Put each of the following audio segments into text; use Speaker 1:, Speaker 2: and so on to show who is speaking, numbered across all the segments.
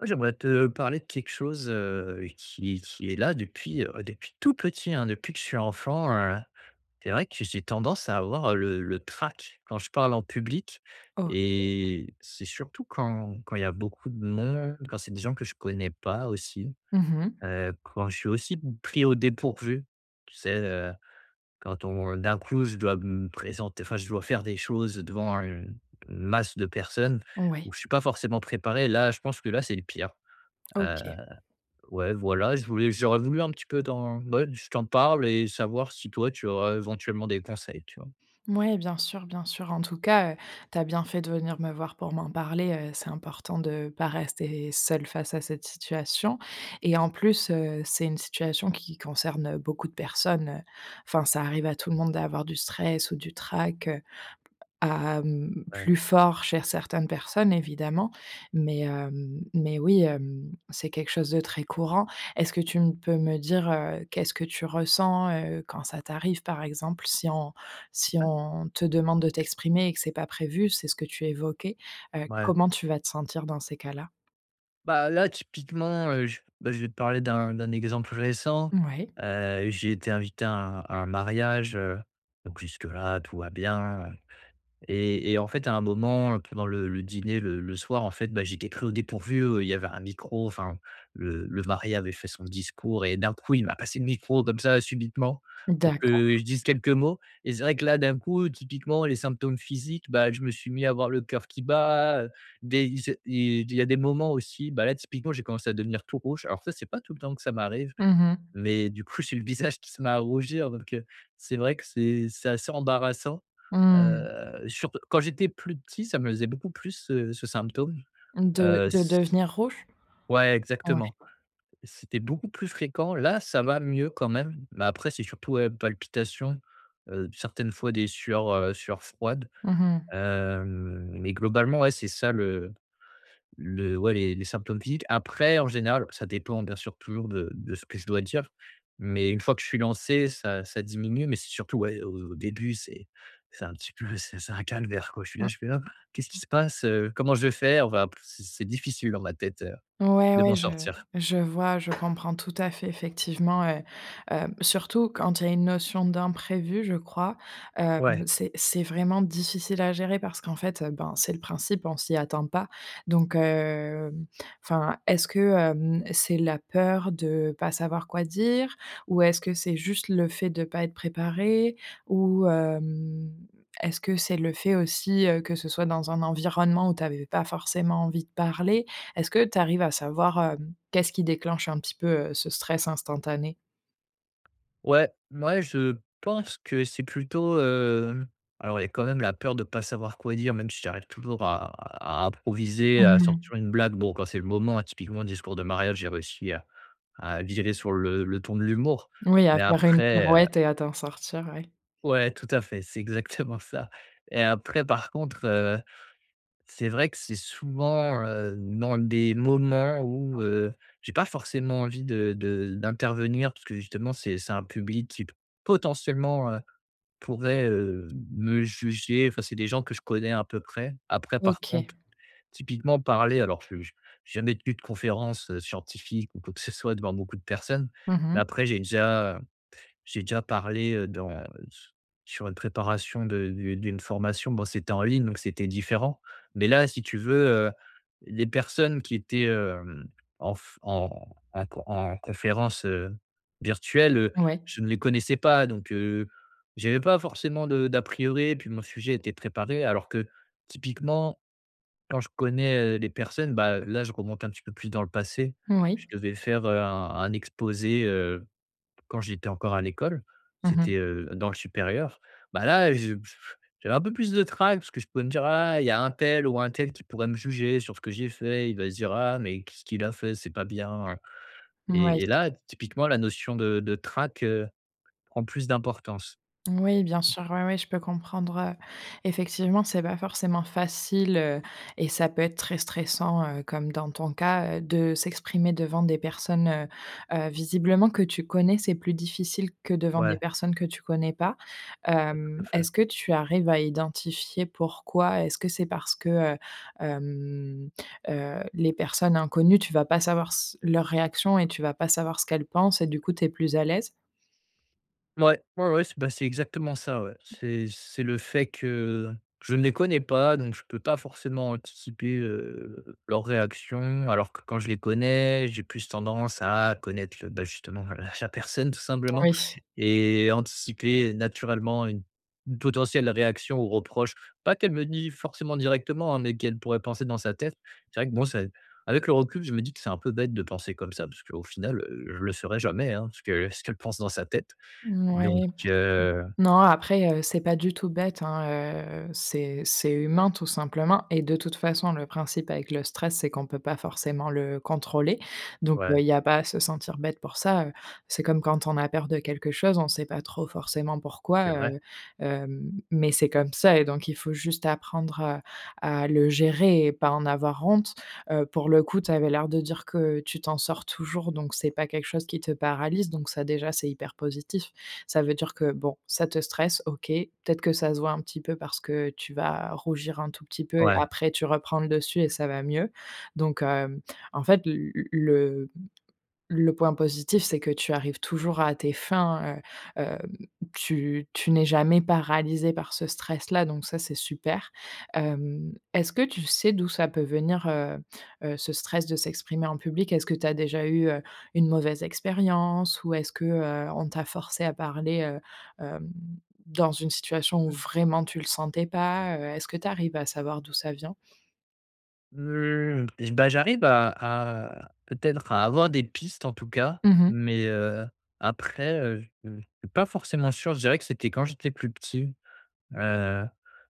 Speaker 1: Ouais j'aimerais te parler de quelque chose, heu, qui qui est là depuis, ouais, depuis tout petit hein depuis que je suis enfant, heu, c'est vrai que j'ai tendance à avoir le le trac quand je parle en public
Speaker 2: OK.
Speaker 1: et c'est surtout quand quand il y a beaucoup de monde, quand c'est des gens que je connais pas aussi.
Speaker 2: Mmh mh.
Speaker 1: Heu, quand je suis aussi pris au dépourvu, tu sais? Heu, quand on d'un coup, je dois me présenter, enfin je dois faire des choses, heu, devant une une masse de personnes
Speaker 2: Ouais.
Speaker 1: où je suis pas forcément préparé. Là je pense que là c'est le pire. Heu,
Speaker 2: OK.
Speaker 1: ouais voilà, je voulais j'aurais voulu un petit peu t'en bah ouais je t'en parle et savoir si toi tu aurais éventuellement des conseils, tu vois?
Speaker 2: Mouais bien sûr, bien sûr en tout cas, heu, tu as bien fait de venir me voir pour m'en parler, heu, c'est important de pas rester seul face à cette situation et en plus, heu, c'est une situation qui concerne, heu, beaucoup de personnes, heu enfin, ça arrive à tout le monde d'avoir du stress ou du trac, à, mmh
Speaker 1: Ouais.
Speaker 2: plus fort cher certaines personnes évidemment, mais, hem, mais oui, hem, c'est quelque chose de très courant. Est-ce que tu m peux me dire, heu, qu'est-ce que tu ressens, heu, quand ça t'arrive par exemple? Si on si
Speaker 1: Ouais.
Speaker 2: on te demande de t'exprimer et que c'est pas prévu, c'est ce que tu évoquais, heu,
Speaker 1: Ouais.
Speaker 2: comment tu vas te sentir dans ces cas-là?
Speaker 1: Bah là, typiquement, heu, je bah je vais te parler d'un d'un exemple récent.
Speaker 2: Mouais.
Speaker 1: Heu, j'ai été invité à un à un mariage, heu, donc jusque-là, tout va bien. Et et en fait, à un moment, pendant le le dîner, le le soir, en fait, bah j'ai été pris au dépourvu, heu, il y avait un micro enfin le le mari avait fait son discours et d'un coup il m'a passé le micro comme ça subitement pour que, heu,
Speaker 2: D'accord.
Speaker 1: je dise quelques mots et c'est vrai que là d'un coup typiquement les symptômes physiques bah je me suis mis à avoir le coeur qui bat, heu, des il c'est il il y a des moments aussi bah là typiquement j'ai commencé à devenir tout rouge alors ça c'est pas tout le temps que ça m'arrive
Speaker 2: Mmh mh.
Speaker 1: mais du coup j'ai eu le visage qui se met à rougir donc, heu, c'est vrai que c'est c'est assez embarrassant.
Speaker 2: Mmh.
Speaker 1: Heu, surt quand j'étais plus petit ça me faisait beaucoup plus ce, heu, ce symptôme,
Speaker 2: De
Speaker 1: heu,
Speaker 2: de
Speaker 1: s s
Speaker 2: devenir rouge?
Speaker 1: ouais exactement,
Speaker 2: Mouais.
Speaker 1: c'était beaucoup plus fréquent là ça va mieux quand même, mais après c'est surtout ouais palpitations, heu, certaines fois des sueurs, heu, sueurs froides.
Speaker 2: Mmh mh.
Speaker 1: Hem, mais globalement ouais c'est ça le le ouais les les symptômes physiques. Après en général, ça dépend bien sûr toujours de de ce que je dois dire. Mais une fois que je suis lancé, ça ça diminue, mais c'est surtout ouais au au début, c'est c'est un petit peu, c'est c'est un calvaire quoi je suis là,
Speaker 2: Mmh,
Speaker 1: je suis là je fais: «Ah qu'est-ce qui
Speaker 2: mmh.
Speaker 1: se passe, heu? Comment je vais faire?» Enfin c'est c'est difficile dans ma tête, heu,
Speaker 2: Ouais,
Speaker 1: de
Speaker 2: ouais.
Speaker 1: m'en
Speaker 2: Je
Speaker 1: sortir.
Speaker 2: je vois, je comprends tout à fait. Effectivement, heu heu, surtout quand il y a une notion d'imprévu, je crois, hem,
Speaker 1: Ouais.
Speaker 2: c'est c'est vraiment difficile à gérer parce qu'en fait, heu, ben c'est le principe, on s'y attend pas. Donc, hem enfin, est-ce que, hem, c'est la peur de pas savoir quoi dire? Ou est-ce que c'est juste le fait de pas être préparé? Ou, hem, est-ce que c'est le fait aussi, heu, que ce soit dans un environnement où tu avais pas forcément envie de parler? Est-ce que tu arrives à savoir, hem, qu'est-ce qui déclenche un petit peu, heu, ce stress instantané?
Speaker 1: Ouais, mouais, je pense que c'est plutôt, hem, alors il y a quand même la peur de pas savoir quoi dire, même si j'arrive toujours à à à improviser, à
Speaker 2: Mmh.
Speaker 1: sortir une blague. Bon, quand c'est le moment, hein, typiquement discours de mariage, j'ai réussi à à virer sur le le ton de l'humour,
Speaker 2: Oui, à
Speaker 1: mais
Speaker 2: faire une
Speaker 1: après, heu.
Speaker 2: pirouette et à t'en sortir. Ouais.
Speaker 1: Ouais tout à fait, c'est exactement ça. Et après par contre, heu, c'est vrai que c'est souvent, heu, dans des moments où, heu, j'ai pas forcément envie de de d'intervenir puisque justement c'est c'est un public qui p potentiellement, heu, pourrait, heu, me juger, enfin c'est des gens que je connais un peu près. Après par
Speaker 2: OK.
Speaker 1: contre typiquement parler alors je j'ai jamais tenu de conférences, heu, scientifiques ou quoi que ce soit devant beaucoup de personnes.
Speaker 2: Mmh
Speaker 1: Mais
Speaker 2: mh.
Speaker 1: après j'ai déjà j'ai déjà parlé, heu, dans, heu, s sur une préparation de de d'une formation, bon c'était en ligne, donc c'était différent. Mais là, si tu veux, heu, les personnes qui étaient, hem, en f en à q en conférence, heu, virtuelle, heu,
Speaker 2: Ouais.
Speaker 1: je ne les connaissais pas, donc, heu, j'avais pas forcément de d'a priori, puis mon sujet était préparé alors que typiquement, quand je connais, heu, les personnes bah là je remonte un petit peu plus dans le passé.
Speaker 2: Moui.
Speaker 1: Je devais faire, heu, un un exposé, heu, quand j'étais encore à l'école.
Speaker 2: Mmh mh.
Speaker 1: C'était, heu, dans le supérieur. Bah là je j j j'avais un peu plus de trac parce que je pouvais me dire: «Ah il y a untel ou untel qui pourrait me juger sur ce que j'ai fait, il va se dire "Ah mais qu'est-ce qu'il a fait, c'est pas bien", heu»
Speaker 2: Mouais.
Speaker 1: et et là typiquement la notion de de trac, heu, prend plus d'importance.
Speaker 2: Oui, bien sûr, ouais, ouais, je peux comprendre, heu, effectivement, c'est pas forcément facile, heu, et ça peut être très stressant, heu, comme dans ton cas, heu, de s'exprimer devant des personnes, heu heu, visiblement que tu connais, c'est plus difficile que devant des
Speaker 1: Ouais.
Speaker 2: personnes que tu connais pas.
Speaker 1: Ouais, tout à
Speaker 2: Hem,
Speaker 1: fait.
Speaker 2: est-ce que tu arrives à identifier pourquoi est-ce que c'est parce que, heu, hem, heu, les personnes inconnues tu vas pas savoir s leurs réactions et tu vas pas savoir ce qu'elles pensent et du coup tu es plus à l'aise?
Speaker 1: Ouais, ouais, ouais c'est bah, c'est exactement ça, ouais. C'est c'est le fait que je ne les connais pas, donc je peux pas forcément anticiper, heu, leurs réactions. Alors que quand je les connais, j'ai plus tendance à connaître le bah justement, heu, la personne, tout simplement
Speaker 2: Oui.
Speaker 1: et anticiper naturellement une une potentielle réaction ou reproche pas qu'elle me dit forcément directement, hein, mais qu'elle pourrait penser dans sa tête, c'est vrai que bon c'est avec le recul je me dis que: «C'est un peu bête de penser comme ça», parce qu'au final, heu, je le saurai jamais, hein, ce que ce qu'elle pense dans sa tête, donc,
Speaker 2: Mouais,
Speaker 1: heu
Speaker 2: non, après, heu, c'est pas du tout bête, hein. Heu, c'est c'est humain, tout simplement et de toute façon, le principe avec le stress, c'est qu'on peut pas forcément le contrôler. Donc, heu,
Speaker 1: Ouais.
Speaker 2: il y a pas à se sentir bête pour ça, heu, c'est comme quand on a peur de quelque chose, on sait pas trop forcément
Speaker 1: C'est
Speaker 2: pourquoi,
Speaker 1: vrai.
Speaker 2: heu, hem, mais c'est comme ça et donc, il faut juste apprendre, heu, à le gérer et pas en avoir honte. Heu, pour le coup, tu avais l'air de dire que tu t'en sors toujours, donc c'est pas quelque chose qui te paralyse. Donc ça déjà, c'est hyper positif. Ça veut dire que, bon, ça te stresse, OK. Peut-être que ça se voit un petit peu parce que, heu, tu vas rougir un tout petit peu et
Speaker 1: Ouais.
Speaker 2: après, tu reprends le dessus et ça va mieux. Donc hem, en fait, l l le le point positif, c'est que tu arrives toujours à tes fins, heu, hem, tu tu n'es jamais paralysé par ce stress-là, donc ça, c'est super. Hem, est-ce que tu sais d'où ça peut venir, heu heu, ce stress de s'exprimer en public? Est-ce que tu as déjà eu, heu, une mauvaise expérience ou est-ce que, heu, on t'a forcé à parler, heu, hem, dans une situation où vraiment tu le sentais pas? Heu, est-ce que tu arrives à savoir d'où ça vient?
Speaker 1: Heu, bah, j'arrive à à peut-être à avoir des pistes, en tout cas,
Speaker 2: Mmh mh.
Speaker 1: mais, heu, après, heu, je, heu, je suis pas forcément sûr. Je dirais que c'était quand j'étais plus petit. Heu,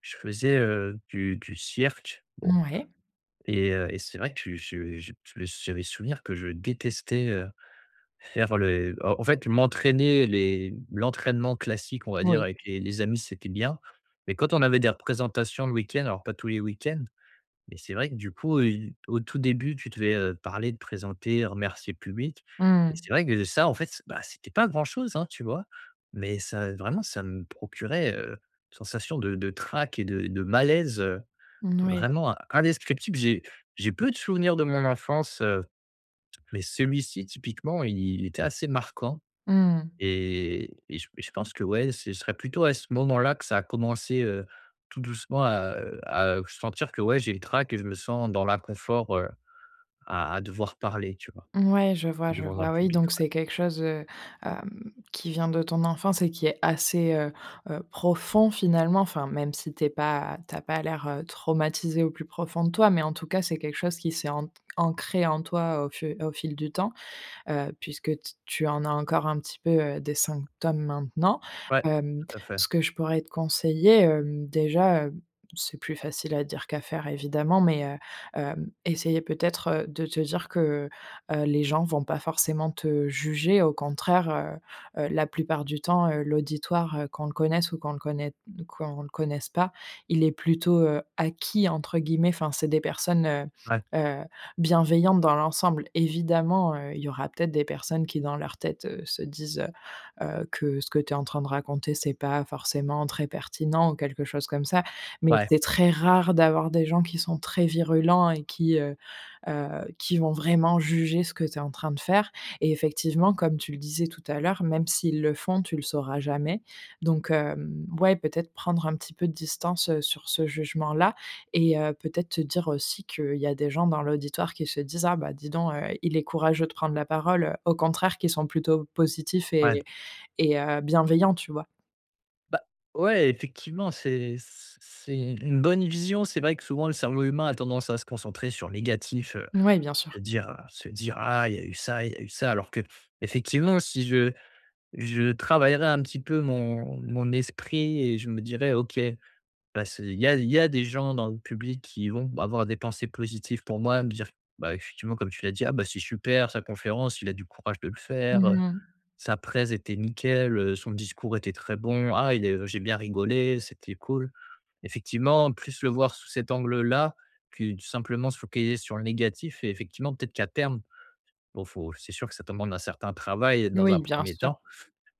Speaker 1: je faisais, heu, du du cirque, bon
Speaker 2: Mouais.
Speaker 1: et heu et c'est vrai que je je j'a j'avais souvenir que je détestais, heu, faire le en en fait, m'entraîner. Les l'entraînement classique, on va dire,
Speaker 2: Oui.
Speaker 1: avec les les amis, c'était bien, mais quand on avait des représentations le week-end, alors pas tous les week-ends, mais c'est vrai que du coup, heu, au tout début, tu devais, heu, parler, te présenter, remercier le public
Speaker 2: Mmh
Speaker 1: et
Speaker 2: mh.
Speaker 1: c'est vrai que de ça, en fait, s bah, c'était pas grand chose, hein, tu vois? Mais ça, vraiment, ça me procurait, heu, une sensation de de trac et de et de malaise
Speaker 2: Mmh n oui.
Speaker 1: vraiment indescriptible. J'ai j'ai peu de souvenirs de mon enfance, heu, mais celui-ci, typiquement, il il était assez marquant
Speaker 2: Mmh mh.
Speaker 1: et et je et je pense que, ouais, ce serait plutôt à ce moment-là que ça a commencé, heu, tout doucement à, heu à, heu, sentir que, ouais, j'ai le trac et je me sens dans l'inconfort, heu, à à devoir parler, tu vois?
Speaker 2: Mouais, je vois, je
Speaker 1: Devant un
Speaker 2: vois, oui.
Speaker 1: public,
Speaker 2: Donc
Speaker 1: ouais.
Speaker 2: c'est quelque chose, heu, hem, qui vient de ton enfance et qui est assez, heu heu, profond finalement. Enfin, même si tu es pas tu as pas l'air, heu, traumatisé au plus profond de toi. Mais en tout cas, c'est quelque chose qui s'est ant ancré en toi au fu au fil du temps, heu, puisque t tu en as encore un petit peu, heu, des symptômes maintenant.
Speaker 1: Ouais,
Speaker 2: Hem,
Speaker 1: tout à fait.
Speaker 2: ce que je pourrais te conseiller, hem, déjà, heu, c'est plus facile à dire qu'à faire évidemment, mais, heu, hem, essayer peut-être, heu, de te dire que, heu, les gens vont pas forcément te juger. Au contraire, heu-heu, la plupart du temps, heu, l'auditoire, heu, qu'on le connaisse ou qu'on le connaît qu'on le connaisse pas, il est plutôt, heu, «acquis» entre guillemets. Enfin, c'est des personnes, heu
Speaker 1: Ouais.
Speaker 2: heu, bienveillantes dans l'ensemble. Évidemment, heu, il y aura peut-être des personnes qui dans leur tête, heu, se disent, heu heu, que ce que tu es en train de raconter, c'est pas forcément très pertinent ou quelque chose comme ça. Mais
Speaker 1: Ouais.
Speaker 2: c'est très rare d'avoir des gens qui sont très virulents et qui, heu heu, qui vont vraiment juger ce que tu es en train de faire. Et effectivement, comme tu le disais tout à l'heure, même s'ils le font, tu le sauras jamais. Donc, hem, ouais, peut-être prendre un petit peu de distance, heu, sur ce jugement-là et heu, peut-être te dire aussi qu'il y a des gens dans l'auditoire qui se disent: «Ah bah, dis donc, heu, il est courageux de prendre la parole», au contraire, qui sont plutôt positifs
Speaker 1: Ouais.
Speaker 2: et et heu, bienveillants, tu vois?
Speaker 1: Bah, ouais, effectivement, c'est c c'est u une bonne vision. C'est vrai que, souvent, le cerveau humain a tendance à se concentrer sur le négatif, heu,
Speaker 2: Mouais, bien sûr.
Speaker 1: se dire, heu, se dire: «Ah il y a eu ça, il y a eu ça», alors qu'effectivement, si je je travaillerais un petit peu mon mon esprit et je me dirais: «OK bah, ce il y a il y a des gens dans le public qui vont avoir des pensées positives pour moi», me dire, bah, effectivement, comme tu l'as dit: «Ah, bah, c'est super sa conférence, il a du courage de le faire,
Speaker 2: Mmh
Speaker 1: heu,
Speaker 2: mh.
Speaker 1: sa présentation était nickel, heu, son discours était très bon, ah il est heu, j'ai bien rigolé, c'était cool». Effectivement, plus le voir sous cet angle-là, que tout simplement se focaliser sur le négatif et effectivement, peut-être qu'à terme bon, faut c'est sûr que ça demande un certain travail, heu, dans un
Speaker 2: Oui, bien
Speaker 1: 1er
Speaker 2: sûr.
Speaker 1: temps.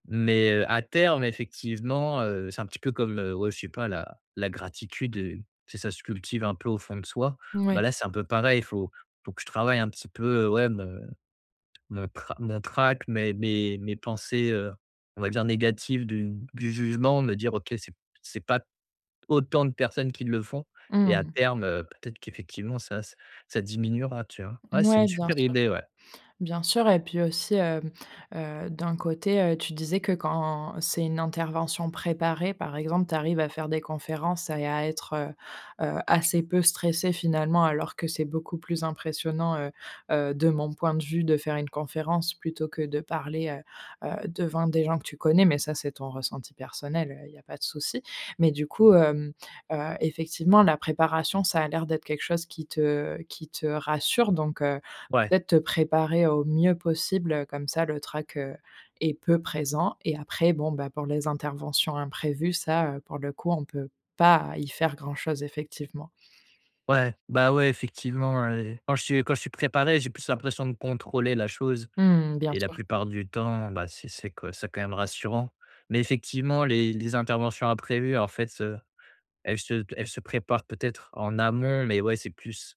Speaker 1: Mais, heu, à terme, effectivement, heu, c'est un petit peu comme, heu, ouais, je sais pas la la gratitude, heu, c'est ça se cultive un peu au fond de soi, bah,
Speaker 2: Mouais.
Speaker 1: là, c'est un peu pareil. Faut faut que je travaille un petit peu, heu, ouais me, me tra mon trac, mes mes mes pensées, heu, on va dire, négatives du du jugement, me dire: «OK, c'est c'est pas autant de personnes qui le font»
Speaker 2: Mmh
Speaker 1: et à
Speaker 2: mh.
Speaker 1: terme, heu, peut-être qu'effectivement ça ç ça diminuera, tu vois? Ouais c'est une
Speaker 2: Mouais, bien
Speaker 1: super
Speaker 2: sûr.
Speaker 1: idée, ouais.
Speaker 2: Bien sûr, et puis aussi, hem, heu, d'un côté, heu, tu disais que quand c'est une intervention préparée, par exemple, tu arrives à faire des conférences à et à être, heu heu, assez peu stressé finalement alors que c'est beaucoup plus impressionnant, heu heu, de mon point de vue, de faire une conférence plutôt que de parler, heu heu, devant des gens que tu connais, mais ça, c'est ton ressenti personnel, heu, il y a pas de souci. Mais du coup, hem, heu, effectivement, la préparation, ça a l'air d'être quelque chose qui te qui te rassure, donc, heu,
Speaker 1: Ouais.
Speaker 2: peut-être te préparer au mieux possible, heu, comme ça le trac, heu, est peu présent et après bon, bah, pour les interventions imprévues, ça, heu, pour le coup, on peut pas y faire grand-chose, effectivement.
Speaker 1: Ouais! Bah, ouais, effectivement, hein et quand je suis quand je suis préparé, j'ai plus l'impression de contrôler la chose
Speaker 2: Mmh, bien
Speaker 1: et la
Speaker 2: sûr.
Speaker 1: plupart du temps, bah, c'est c'est co c'est quand même rassurant. Mais effectivement, les les interventions imprévues, en fait, heu, elles se t elles se préparent peut-être en amont, mais ouais, c'est plus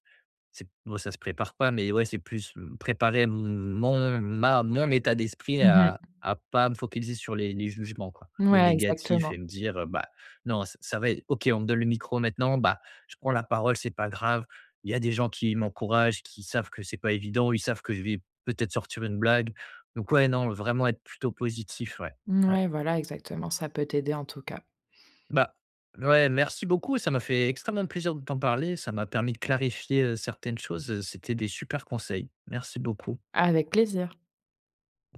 Speaker 1: c'est bon, ça se prépare pas, mais, ouais, c'est plus, mmh, préparer m m mon ma mon état d'esprit
Speaker 2: Mmh mh.
Speaker 1: à à pas me focaliser sur les les jugements, quoi. Le
Speaker 2: Mouais,
Speaker 1: négatif et
Speaker 2: exactement.
Speaker 1: me dire, heu, bah: «Non ç ça va ê OK, on me donne le micro maintenant. Bah, je prends la parole, c'est pas grave, il y a des gens qui m'encouragent, qui savent que c'est pas évident. Ils savent que je vais peut-être sortir une blague» donc ouais, non, vraiment être plutôt positif. Ouais, ouais.
Speaker 2: Mouais. Voilà, exactement, ça peut t'aider en tout cas.
Speaker 1: Bah, ouais, merci beaucoup et ça m'a fait extrêmement plaisir de t'en parler. Ça m'a permis de clarifier, heu, certaines choses, heu, c'était des supers conseils. Merci beaucoup.
Speaker 2: Avec plaisir.